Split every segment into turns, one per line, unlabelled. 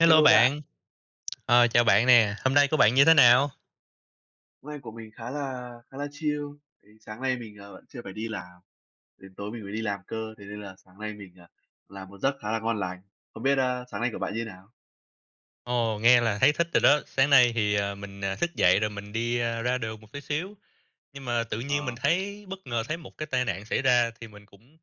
Hello
Hello bạn.
bạn. Ờ, chào bạn nè, hôm nay của bạn như thế nào?
Hôm nay của mình khá là khá là chill, tại vì sáng nay mình, ờ, vẫn chưa phải đi làm, đến tối mình mới đi làm cơ, thế nên là sáng nay mình, ờ, làm một giấc khá là ngon lành. Không biết, ơ, sáng nay của bạn như thế nào?
Ồ, nghe là thấy thích rồi đó, sáng nay thì, à, mình, à, thức dậy rồi mình đi, a, ra đường một tí xíu, nhưng mà tự nhiên mình
Ờ.
thấy bất ngờ thấy một cái tai nạn xảy ra thì mình cũng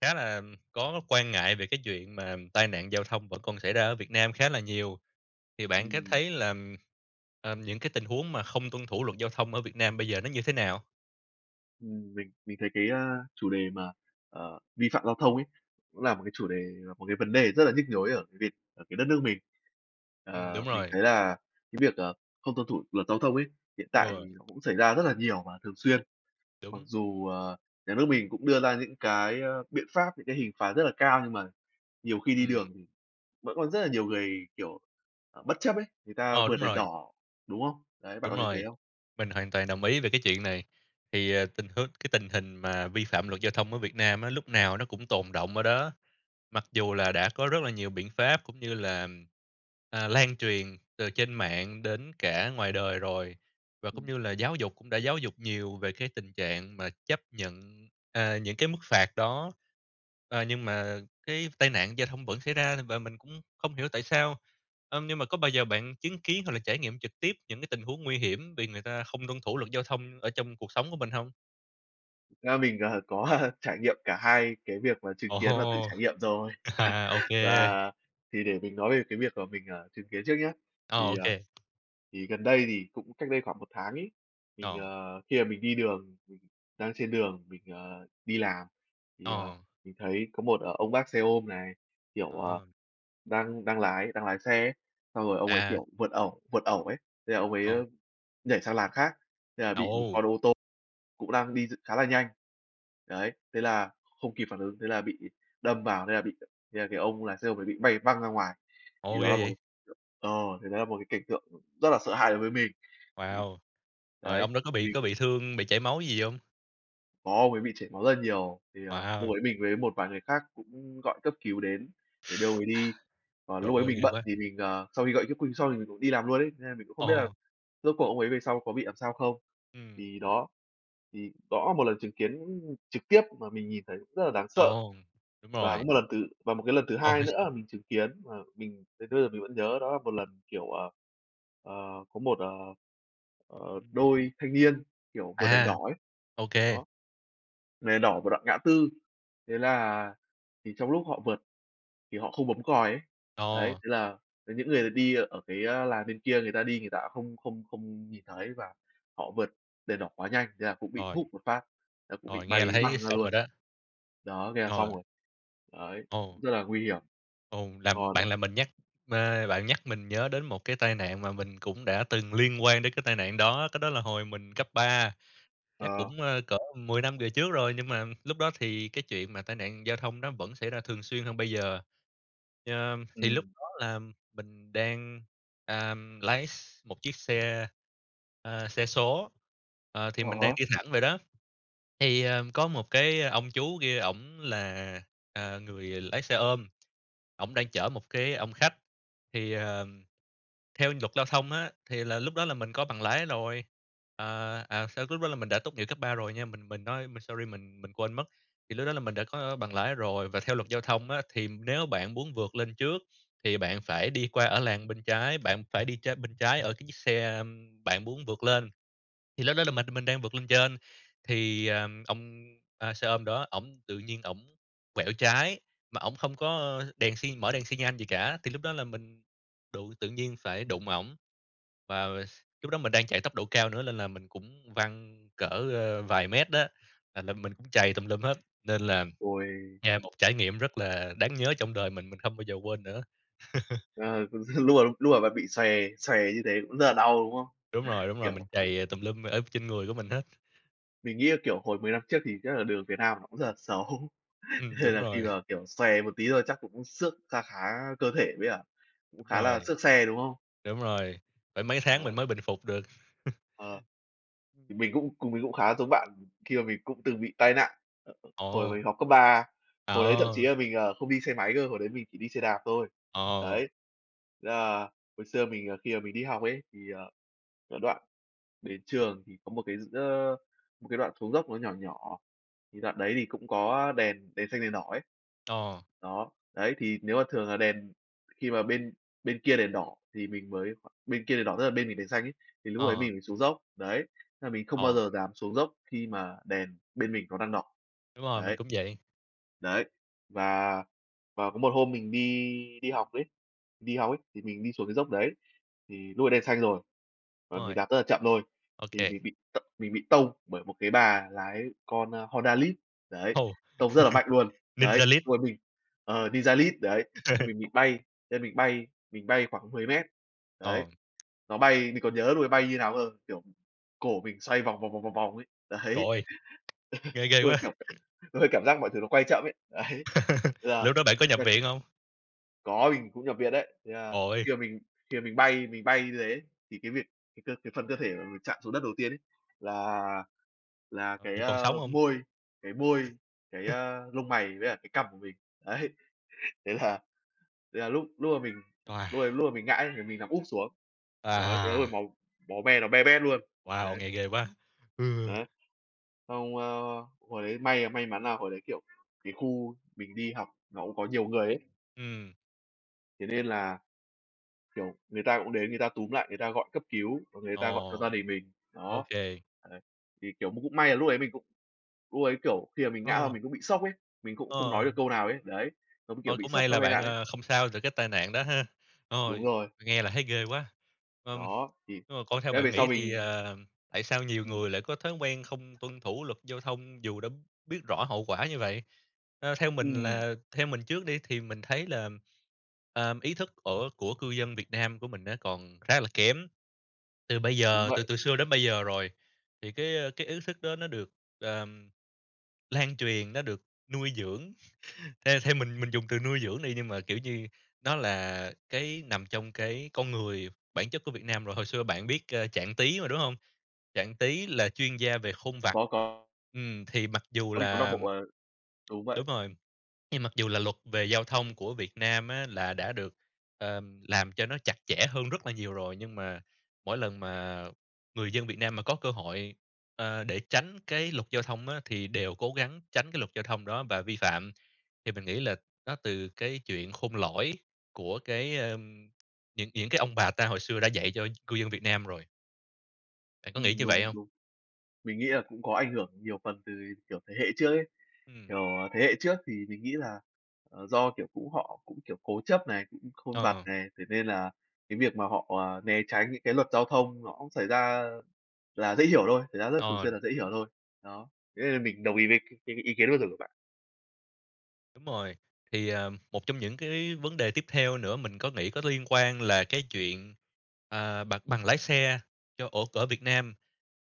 khá là có quan ngại về cái chuyện mà tai nạn giao thông vẫn còn xảy ra ở Việt Nam khá là nhiều. Thì bạn có
Ừm.
thấy là, ờ, những cái tình huống mà không tuân thủ luật giao thông ở Việt Nam bây giờ nó như thế nào?
Ừm, mình mình thấy cái, a, chủ đề mà, ờ, vi phạm giao thông ấy, cũng là một cái chủ đề, một cái vấn đề rất là nhức nhối ở Việt ở cái đất nước mình.
Ừm, đúng
Ờ, mình
rồi.
thấy là cái việc, ờ, không tuân thủ luật giao thông ấy, hiện tại thì
Ừ.
nó cũng xảy ra rất là nhiều và thường xuyên. Mặc
Đúng.
dù, ờ, nhà nước mình cũng đưa ra những cái, ơ, biện pháp, những cái hình phạt rất là cao, nhưng mà nhiều khi đi
Ừm.
đường thì vẫn có rất là nhiều người, kiểu, ờ, bất chấp ấy, người ta
Ờ,
vượt
đúng
đèn
rồi.
đỏ, đúng không? Đấy, bạn
Đúng
có thấy thế
rồi.
không?
Mình hoàn toàn đồng ý về cái chuyện này. Thì, ờ, tình huống cái tình hình mà vi phạm luật giao thông ở Việt Nam á, lúc nào nó cũng tồn đọng ở đó, mặc dù là đã có rất là nhiều biện pháp, cũng như là, à, lan truyền từ trên mạng đến cả ngoài đời rồi, và cũng
Ừm.
như là giáo dục, cũng đã giáo dục nhiều về cái tình trạng mà chấp nhận, à, những cái mức phạt đó, ờ, nhưng mà cái tai nạn giao thông vẫn xảy ra và mình cũng không hiểu tại sao. Ưm, nhưng mà có bao giờ bạn chứng kiến, hoặc là trải nghiệm trực tiếp những cái tình huống nguy hiểm vì người ta không tuân thủ luật giao thông ở trong cuộc sống của mình hông?
Ra mình, ờ, có, ơ, trải nghiệm cả hai cái việc mà chứng
Ồ
kiến và tự
hô!
trải nghiệm rồi.
À, ô kê.
Và, thì để mình nói về cái việc mà mình, ờ, chứng kiến trước nhá. Thì,
Ồ, ô
à,
kê.
thì gần đây thì cũng cách đây khoảng 1 tháng ấy, mình,
Ồ!
ờ, khi mà mình đi đường, ừ, đang trên đường mình, ờ, đi làm, thì, ờ,
Ờ.
mình thấy có một ông bác xe ôm này, kiểu, ờ,
Ờ.
đang đang lái đang lái xe ấy, xong rồi ông ấy,
À.
kiểu, vượt ẩu vượt ẩu ấy, thế là ông ấy
Ồ.
nhảy sang làn khác, thế là
À,
bị một
ô!
con ô tô cũng đang đi khá là nhanh. Đấy, thế là không kịp phản ứng, thế là bị đâm vào, thế là bị thế là cái ông lái xe ông ấy bị bay văng ra ngoài. Thì
Ồ!
đó
Ghê
là một
vậy!
cái ờ, thì đó là một cái cảnh tượng rất là sợ hãi đối với mình. Thì,
Wow! Rồi
đấy,
ông đó có
thì
bị
mình
có bị thương, bị chảy máu gì hông?
Có, ông ấy bị chảy máu rất là nhiều, thì, ờ, lúc
Wow!
ấy mình với một vài người khác cũng gọi cấp cứu đến để đưa ông ấy đi. Còn
Trời
lúc ấy
ơi,
mình
ghê
bận
quá!
thì mình, ờ, sau khi gọi cấp cứu xong thì mình cũng đi làm luôn ấy, nên mình cũng không biết là
Ồ!
rốt cuộc ông ấy về sau có bị làm sao không.
Ừm.
Thì đó, thì đó là một lần chứng kiến trực tiếp mà mình nhìn thấy cũng rất là đáng sợ.
Ồ! Đúng
Và có
rồi.
một lần thứ và một cái lần thứ hai
Ôi!
nữa là mình chứng kiến mà mình đến bây giờ mình vẫn nhớ đó là một lần, kiểu, ờ, ờ, có một, ờ, ờ, đôi thanh niên, kiểu, vượt đèn
À,
đỏ ấy.
ô
Đó,
kê.
vượt đèn đỏ một đoạn ngã tư, thế là thì trong lúc họ vượt thì họ không bấm còi ấy. Đấy,
Ờ.
thế là cái những người đi ở cái làn bên kia người ta đi người ta không không không nhìn thấy và họ vượt đèn đỏ quá nhanh, thế là cũng bị
Rồi.
húc một phát, nó cũng bị
Rồi, nghe là
bay
thấy
văng ra
xong rồi
luôn,
đó.
đó, thế là xong
Rồi.
rồi. Đấy, cũng
Ồ.
rất là nguy hiểm.
Ồ! Làm
Còn ờ
bạn là mình nhắc ờ, bạn nhắc mình nhớ đến một cái tai nạn mà mình cũng đã từng liên quan đến cái tai nạn đó, cái đó là hồi mình cấp ba, chắc
Ờ.
cũng, ơ, cỡ 10 năm về trước rồi, nhưng mà lúc đó thì cái chuyện mà tai nạn giao thông nó vẫn xảy ra thường xuyên hơn bây giờ. Ờ, thì lúc
Ừm.
đó là mình đang, ờm, lái x một chiếc xe, ờ, xe số, ờ, thì
Ờ
mình đang
ha.
đi thẳng vậy đó, thì, ờ, có một cái ông chú kia ổng là, à, người lái xe ôm, ổng đang chở một cái ông khách thì, ờ, theo luật giao thông á, thì là lúc đó là mình có bằng lái lồi. À, à, xong lúc đó là mình đã tốt nghiệp cấp 3 rồi nha, mình mình nói mình sorry mình mình quên mất, thì lúc đó là mình đã có bằng lái rồi, và theo luật giao thông á, thì nếu bạn muốn vượt lên trước thì bạn phải đi qua ở làn bên trái, bạn phải đi trên bên trái ở cái chiếc xe bạn muốn vượt lên. Thì lúc đó là mình mình đang vượt lên trên, thì, ờ, ông xe ôm đó ổng tự nhiên ổng quẹo trái mà ổng không có đèn xi mở đèn xi nhan gì cả, thì lúc đó là mình đụng, tự nhiên phải đụng ổng. Và s lúc đó mình đang chạy tốc độ cao nữa nên là mình cũng văng cỡ, ờ, vài mét đó, à, là mình mình cũng trầy tùm lum hết. Nên là
Uầy!
nghe một trải nghiệm rất là đáng nhớ trong đời mình, mình không bao giờ quên nữa.
Ờ, cũng xin lùa lùa và bị xòe xòe như thế cũng rất là đau, đúng không?
Đúng rồi, đúng rồi,
Kiểu
mình trầy tùm lum ở trên người của mình hết.
Mình nghĩ là, kiểu, hồi 10 năm trước thì chắc là đường Việt Nam nó cũng rất là xấu,
Ừm,
nên
đúng
là khi
rồi.
mà, kiểu, xòe một tí thôi chắc cũng xước kha khá cơ thể đấy ạ, cũng
Đúng
khá là
rồi.
xước xe, đúng không?
Đúng rồi, phải mấy tháng mình
Ờ.
mới bình phục được.
Ờ, thì mình cũng cùng mình cũng khá giống bạn khi mà mình cũng từng bị tai nạn. Ờ, hồi
Ồ!
mình học cấp 3, hồi đấy thậm chí
Ờ!
là mình, ờ, không đi xe máy cơ, hồi đấy mình chỉ đi xe đạp thôi,
Ờ.
đấy, ờ, hồi xưa mình, ờ, khi mà mình đi học ấy, thì, ờ, cái đoạn đến trường thì có một cái, s ơ, một cái đoạn xuống dốc nó nhỏ nhỏ, thì đoạn đấy thì cũng có đèn đèn xanh đèn đỏ ấy,
Ờ.
đó, đấy, thì nếu mà thường là đèn khi mà bên bên kia đèn đỏ thì mình mới bên kia đèn đỏ tức là bên mình đèn xanh ấy, thì lúc đấy
Ờ.
mình mới xuống dốc, đấy, nên là mình không bao
Ờ.
giờ dám xuống dốc khi mà đèn bên mình nó đang đỏ,
Đúng rồi, mình
đấy.
cũng vậy.
Đấy, và và có một hôm mình đi đi học ấy đi học ấy, thì mình đi xuống cái dốc đấy, thì lúc ấy đen xanh rồi,
Đúng
và mình
rồi.
đạp rất là chậm thôi,
Ô
thì
kê.
mình bị t mình bị tông bởi một cái bà lái con, ơ, Honda Lead, đấy,
Ồ!
tông rất là mạnh luôn. Đấy,
Ninja Lead.
lúc ấy mình ờ, ninja Lead, đấy, nên mình bị bay nên mình bay, mình bay khoảng 10m,
Ờ.
đấy, nó bay mình còn nhớ lúc ấy bay như nào cơ, kiểu, cổ mình xoay vòng, vòng, vòng, vòng, vòng ấy,
Trời
đấy.
ơi! Nghe ghê
Lúc ấy,
quá!
kiểu, lúc ấy cảm giác mọi thứ nó quay chậm ấy, đấy,
Rồi
thế là,
lúc đó bạn có nhập
nhưng mà cái
viện hông?
Có, mình cũng nhập viện đấy. Thì à khi
Ôi!
mà mình khi mà mình bay, mình bay như thế thì cái việc cái cơ cái phần cơ thể mà mình chạm xuống đất đầu tiên ấy là, là cái,
Mình còn
ơ,
sống hông?
môi, cái môi, cái, a, lông mày với lại cái cằm của mình, đấy. Thế là thế là lúc lúc mà mình
Wow!
lúc ấy lúc mà mình ngã ấy thì mình nằm úp xuống. Đấy, thế rồi
À!
máu máu me nó be bét luôn,
Wow,
đấy.
nghe ghê quá! Ừm.
Đấy, xong, ơ, hồi đấy may may mắn là hồi đấy, kiểu, cái khu mình đi học nó cũng có nhiều người ấy.
Ừm.
Thế nên là, kiểu, người ta cũng đến người ta túm lại, người ta gọi cấp cứu và người ta gọi cho gia
Ồ!
đình mình,
Ô
đó,
kê.
đấy. Thì, kiểu, cũng cũng may là lúc ấy mình cũng lúc ấy, kiểu, khi mà mình ngã ra
Ờ.
mình cũng bị sốc ấy, mình cũng không
Ờ.
nói được câu nào ấy, đấy. Nó kiểu
Ôi!
bị
Cũng
sốc
may
sau
là
tai
bạn,
nạn ấy.
ờ, không sao từ cái tai nạn đó ha.
Đúng
Ôi,
rồi.
nghe là thấy ghê quá! Ừm,
Đó, thì
nhưng mà còn theo
cái
bạn
về sau
nghĩ thì,
mình
ờ, tại sao nhiều
Ừm.
người lại có thói quen không tuân thủ luật giao thông dù đã biết rõ hậu quả như vậy? Ơ, theo mình
Ừm.
là theo mình trước đi thì mình thấy là, ờm, ý thức ở của cư dân Việt Nam của mình á còn khá là kém. Từ bây
Đúng
giờ, từ
vậy.
từ xưa đến bây giờ rồi, thì cái, ơ, cái ý thức đó nó được, ờm, lan truyền, nó được nuôi dưỡng. Theo theo mình mình dùng từ nuôi dưỡng đi. Nhưng mà, kiểu như, nó là cái nằm trong cái con người, bản chất của Việt Nam rồi hồi xưa bạn biết, ơ, Trạng Tí mà, đúng hông? Trạng Tí là chuyên gia về khôn vặt,
Có, có.
ừm. Thì mặc dù
Có, mình có đọc
là
bộ, ờ Đúng vậy.
Đúng rồi. Nhưng mặc dù là luật về giao thông của Việt Nam á là đã được, ờm, làm cho nó chặt chẽ hơn rất là nhiều rồi, nhưng mà mỗi lần mà người dân Việt Nam mà có cơ hội, ơ, để tránh cái luật giao thông á, thì đều cố gắng tránh cái luật giao thông đó và vi phạm. Thì mình nghĩ là đó từ cái chuyện khôn lỏi của cái, ờm, những những cái ông bà ta hồi xưa đã dạy cho cư dân Việt Nam rồi. Bạn có nghĩ
Ừm,
như vậy
đúng,
hông?
đúng. Mình nghĩ là cũng có ảnh hưởng nhiều phần từ, kiểu, thế hệ trước ấy.
Ừm.
Kiểu, thế hệ trước thì mình nghĩ là, à, do, kiểu, cũng họ cũng, kiểu, cố chấp này, cũng khôn vặt
Ờ.
này, thế nên là cái việc mà họ, à, né tránh những cái luật giao thông nó cũng xảy ra là dễ hiểu thôi, xảy ra rất là thường xuyên
Ờ.
là dễ hiểu thôi, đó, thế nên là mình đồng ý với cái cái ý kiến vừa rồi của bạn.
Đúng rồi, thì, à, một trong những cái vấn đề tiếp theo nữa mình có nghĩ có liên quan là cái chuyện, ờ, bằng bằng lái xe cho ổ ở Việt Nam,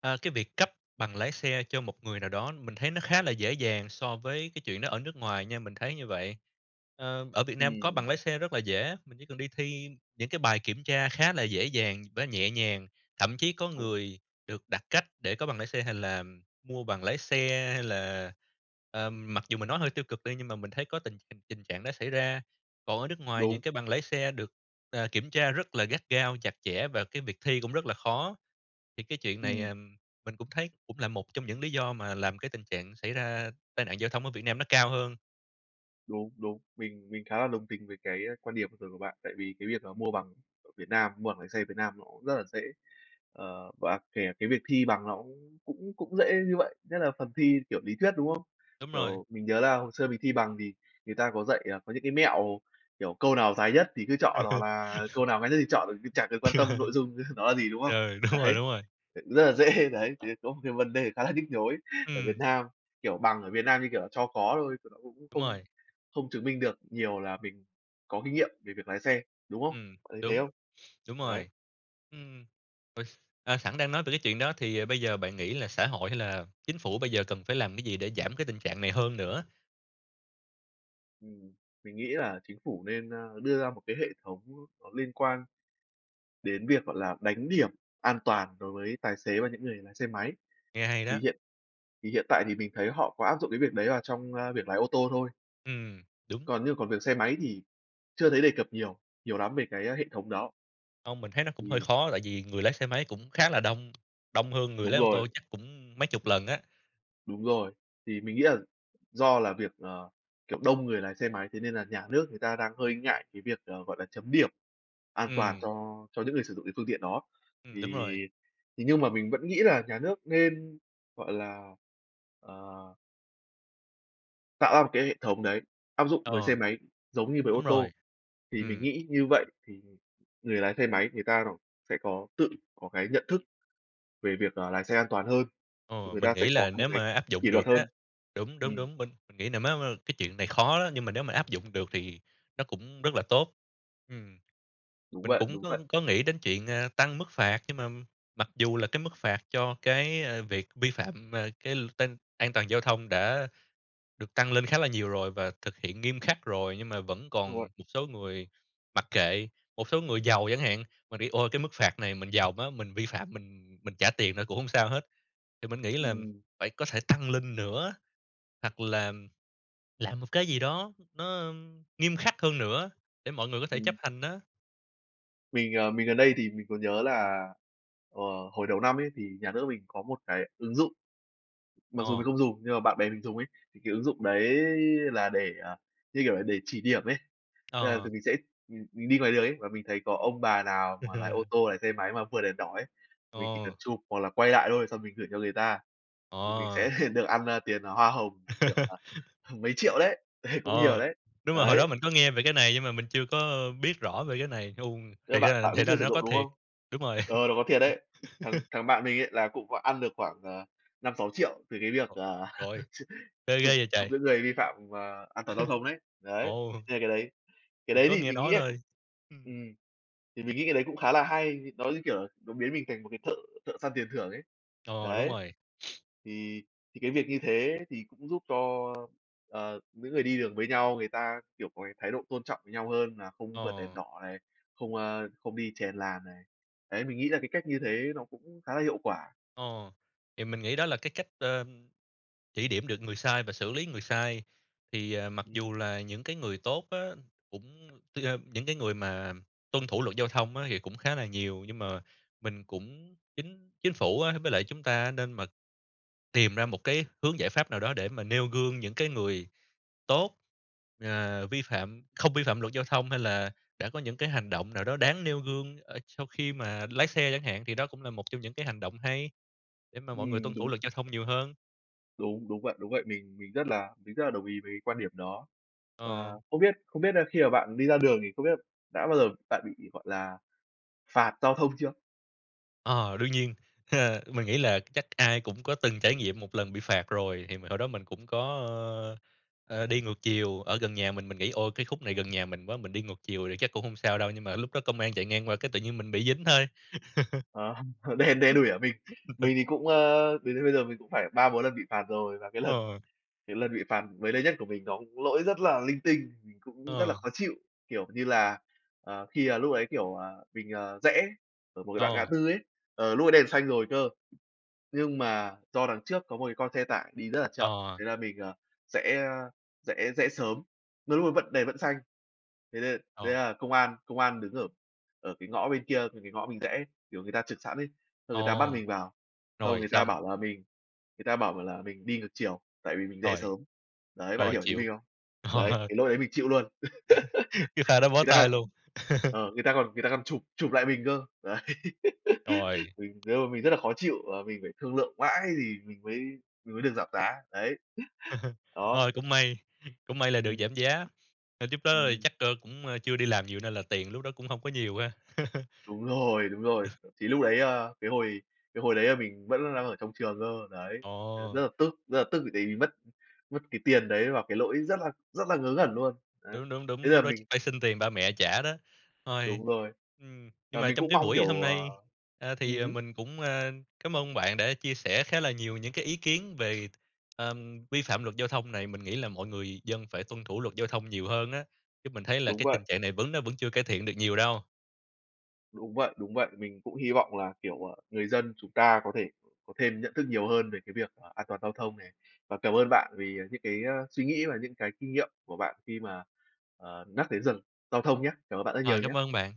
à, cái việc cấp bằng lái xe cho một người nào đó mình thấy nó khá là dễ dàng so với cái chuyện đó ở nước ngoài nha, mình thấy như vậy. Ơ, ở Việt Nam có
Ừm.
bằng lái xe rất là dễ, mình chỉ cần đi thi những cái bài kiểm tra khá là dễ dàng với nhẹ nhàng, thậm chí có
Đúng.
người được đặc cách để có bằng lái xe hay là mua bằng lái xe hay là, ờ, mặc dù mình nói hơi tiêu cực đi nhưng mà mình thấy có tình tình trạng đó xảy ra, còn ở nước ngoài những
Đúng.
cái bằng lái xe được, ờ, kiểm tra rất là gắt gao, chặt chẽ và cái việc thi cũng rất là khó. Thì cái chuyện này,
Ừm.
à, mình cũng thấy cũng là một trong những lý do mà làm cái tình trạng xảy ra tai nạn giao thông ở Việt Nam nó cao hơn.
Đúng, đúng. Mình mình khá là đồng tình với cái, a, quan điểm vừa rồi của bạn. Tại vì cái việc là mua bằng ở Việt Nam, mua bằng lái xe Việt Nam nó cũng rất là dễ. Ờ, và kể cả cái việc thi bằng nó cũng cũng cũng dễ như vậy, nhất là phần thi kiểu lý thuyết, đúng không?
Đúng rồi.
Kiểu, mình nhớ là hồi xưa mình thi bằng thì người ta có dạy, à, có những cái mẹo, kiểu, câu nào dài nhất thì cứ chọn hoặc là câu nào ngắn nhất thì chọn, chả cần quan tâm nội dung nó là gì, đúng không?
Ờ, đúng rồi,
Đấy,
đúng rồi!
ờ, rất là dễ, đấy. Thì có một cái vấn đề khá là nhức nhối ở Việt
Ừm.
Nam, kiểu, bằng ở Việt Nam như kiểu là cho có thôi, thì nó cũng
Đúng
không
rồi.
không chứng minh được nhiều là mình có kinh nghiệm về việc lái xe, đúng không?
Ừm,
Bạn thấy thế
đúng,
không?
đúng
Đấy.
rồi. Ừm, ôi, à, sẵn đang nói về cái chuyện đó, thì, à, bây giờ bạn nghĩ là xã hội hay là Chính phủ bây giờ cần phải làm cái gì để giảm cái tình trạng này hơn nữa?
Ừm, mình nghĩ là Chính phủ nên, a, đưa ra một cái hệ thống nó liên quan đến việc, gọi là, đánh điểm an toàn đối với tài xế và những người lái xe máy.
Nghe hay
Thì
đó!
hiện thì hiện tại thì mình thấy họ có áp dụng cái việc đấy vào trong, a, việc lái ô tô thôi.
Ừm, đúng.
Còn nhưng còn việc xe máy thì chưa thấy đề cập nhiều, nhiều lắm về cái, a, hệ thống đó.
Hông, mình thấy nó cũng hơi
Ừm.
khó, tại vì người lái xe máy cũng khá là đông, đông hơn người
Đúng
lái ô tô
rồi.
chắc cũng mấy chục lần á.
Đúng rồi. Thì mình nghĩ là do là việc, ờ, kiểu, đông người lái xe máy, thế nên là nhà nước người ta đang hơi ngại cái việc, ờ, gọi là, chấm điểm an toàn
Ừm.
cho cho những người sử dụng cái phương tiện đó.
Ừm, đúng
Thì
rồi.
thì nhưng mà mình vẫn nghĩ là nhà nước nên, gọi là, ờ tạo ra một cái hệ thống đấy, áp dụng với xe
Ờ.
máy, giống như với
Đúng
ô tô,
rồi.
thì mình
Ừm.
nghĩ như vậy thì người lái xe máy người ta rồi sẽ có tự có cái nhận thức về việc là lái xe an toàn hơn, thì
Ờ,
người
mình
ta sẽ
nghĩ
có
là
một
nếu
cái
mà áp
kỷ
dụng
luật
được á.
hơn,
Đúng, đúng,
ừm.
đúng, mình nghĩ, à, mấy [unintelligible] cái chuyện này khó đó, nhưng mà nếu mà áp dụng được thì nó cũng rất là tốt, ừm.
Đúng
Mình
vậy,
cũng
đúng
có
vậy.
có nghĩ đến chuyện, a, tăng mức phạt nhưng mà mặc dù là cái mức phạt cho cái, ơ, việc vi phạm, ờ, cái l tai an toàn giao thông đã được tăng lên khá là nhiều rồi và thực hiện nghiêm khắc rồi, nhưng mà vẫn
Đúng rồi.
còn một số người mặc kệ. Một số người giàu chẳng hạn mà đi "Ôi, cái mức phạt này mình giàu quá, mình vi phạm mình mình trả tiền nữa cũng hông sao hết", thì mình nghĩ là
Ừm.
phải có thể tăng lên nữa, hoặc là làm một cái gì đó nó, ưm, nghiêm khắc hơn nữa để mọi người có thể
Ừm.
chấp hành á.
Mình, ờ, mình gần đây thì mình có nhớ là, ờ, hồi đầu năm ấy thì nhà nước mình có một cái ứng dụng. Mặc dù mình
Ờ.
không dùng nhưng mà bạn bè mình dùng ấy, thì ứng dụng đấy là để, à, như kiểu là, để chỉ điểm ấy. Tức là
Ờ.
tụi mình sẽ, ừm, đi ngoài đường ấy, và mình thấy có ông bà nào mà lái ô tô, lái xe máy mà vượt đèn đỏ ấy, mình chỉ cần
Ờ.
chụp hoặc là quay lại thôi, xong mình gửi cho người ta, thì mình
Ờ.
sẽ được ăn, a, tiền hoa hồng. Kiểu, à, h mấy triệu đấy, đấy, cũng nhiều
Ờ,
đấy.
đúng rồi hồi đó
Đấy.
mình có nghe về cái này nhưng mà mình chưa có biết rõ về cái này hung,
R
thì
bạn
ra
bạn
thì
cũng
ra
chưa
là
sử
nó
dụng,
có
đúng
thiệt.
không?
Đúng rồi.
Ờ, nó có thiệt đấy. Thằng thằng bạn mình ấy là cũng có ăn được khoảng, ờ, 5.000.000, 6.000.000 về cái việc, ờ,
Trời ơi,
chụp
nghe
chụp
ghê vậy trời!
giữ người vi phạm và an toàn giao thông ấy. Đấy,
Ồ.
hay cái đấy. Cái
Mình
đấy
có
thì
nghe
mình nghĩ
nói
là
thôi. Ừm.
ừm, thì mình nghĩ cái đấy cũng khá là hay, nó, như kiểu, nó biến mình thành một cái thợ thợ săn tiền thưởng ấy.
Ồ, đúng
Đấy.
rồi.
Thì thì cái việc như thế thì cũng giúp cho, ờ, những người đi đường với nhau người ta, kiểu, có cái thái độ tôn trọng nhau hơn là không vượt đèn
Ồ.
đỏ này, không, ơ, không đi chèn làn này. Đấy, mình nghĩ là cái cách như thế nó cũng khá là hiệu quả.
Ồ, thì mình nghĩ đó là cái cách, ơ, chỉ điểm được người sai và xử lý người sai. Thì, à, mặc
Ừm.
dù là những cái người tốt á, cũng tức là những cái người mà tuân thủ luật giao thông á thì cũng khá là nhiều. Nhưng mà mình cũng chính chính phủ á với lại chúng ta á nên mật tìm ra một cái hướng giải pháp nào đó để mà nêu gương những cái người tốt, ờ, vi phạm không vi phạm luật giao thông, hay là đã có những cái hành động nào đó đáng nêu gương, ơ, sau khi mà lái xe chẳng hạn. Thì đó cũng là một trong những cái hành động hay, để mà mọi người
Ừm,
tuân thủ
đúng.
luật giao thông nhiều hơn.
Đúng, đúng vậy, đúng vậy. Mình mình rất là mình rất là đồng ý với quan điểm đó và
Ờ.
không biết không biết nà khi mà bạn đi ra đường thì không biết là đã bao giờ bạn bị, gọi là, phạt giao thông chưa?
Ờ, đương nhiên. Mình nghĩ là chắc ai cũng có từng trải nghiệm một lần bị phạt rồi. Thì hồi đó mình cũng có, ơ, ơ, đi ngược chiều, ở gần nhà mình, mình nghĩ: "Ôi, cái khúc này gần nhà mình quá, mình đi ngược chiều thì chắc cũng hông sao đâu", nhưng mà lúc đó công an chạy ngang qua cái tự nhiên mình bị dính thôi.
Ờ, đen đen đủi ở mình. Mình thì cũng, ơ, đến đến bây giờ mình cũng phải 3-4 lần bị phạt rồi và cái lần
Ờ.
cái lần bị phạt gần đây nhất của mình nó cũng lỗi rất là linh tinh. Mình cũng rất là
Ờ.
khó chịu, kiểu như là, ờ, khi, à, lúc ấy, kiểu, à, mình, à, rẽ ở một cái đoạn ngã
Ờ.
tư ấy, ờ, lúc đấy đèn xanh rồi cơ, nhưng mà do đằng trước có một cái con xe tải đi rất là
Ờ,
chậm thế
à.
là mình, ờ, rẽ, ơ, rẽ rẽ sớm, đôi lúc vẫn đèn vẫn xanh. Thế nên thế
Ờ.
là công an công an đứng ở ở cái ngõ bên kia thì cái ngõ mình rẽ, kiểu, người ta chực sẵn ấy, xong người ta bắt
Ồ!
mình vào, xong
Rồi,
người ta
xong.
bảo là mình người ta bảo là mình đi ngược chiều, tại vì mình rẽ
Rồi.
sớm. Đấy, bạn
Rồi,
hiểu ý
chịu.
mình không? Đấy,
Ờ.
cái lỗi đấy mình chịu luôn.
Cái pha đó bó
Người ta
tay
c
luôn.
ờ, người ta còn người ta còn chụp chụp lại mình cơ. Đấy.
Rồi.
Mình, ơ, mình rất là khó chịu và mình phải thương lượng mãi thì mình mới mình mới được giảm giá. Đấy. Đó.
Thôi cũng may, cũng may là được
Ừm.
giảm giá. Ơ, trước đó
Ừm.
chắc, ơ, cũng, ơ, chưa đi làm nhiều nên là tiền lúc đó cũng hông có nhiều ha.
Đúng rồi, đúng rồi. Thậm chí lúc đấy, a, cái hồi cái hồi đấy là mình vẫn đang ở trong trường cơ, đấy. Nên
Ồ!
rất là tức, rất là tức tại vì mất mất cái tiền đấy vào cái lỗi rất là rất là ngớ ngẩn luôn. Đấy.
Đúng, đúng, đúng.
Thế
Lúc
là
đó chắc
mình
phải xin tiền ba mẹ trả đó. Thôi
Đúng rồi.
ừm, nhưng
Ờ,
mà
mình
trong
cũng
cái
mong
buổi hôm
kiểu, ờ
nay, a, thì,
ừm
ờ,
hứm.
mình cũng, a, cám ơn bạn đã chia sẻ khá là nhiều những cái ý kiến về, ừm, vi phạm luật giao thông này. Mình nghĩ là mọi người dân phải tuân thủ luật giao thông nhiều hơn á, chứ mình thấy là
Đúng
cái tình
vậy.
trạng này vẫn nó vẫn chưa cải thiện được nhiều đâu.
Đúng vậy, đúng vậy. Mình cũng hy vọng là, kiểu, ờ, người dân chúng ta có thể có thêm nhận thức nhiều hơn về cái việc, à, an toàn giao thông này. Và cảm ơn bạn vì, ờ, những cái suy nghĩ và những cái kinh nghiệm của bạn khi mà, ờ, nhắc đến gi giao thông nhá. Cảm ơn bạn rất
Rồi,
nhiều
cảm
nhá!
ơn bạn!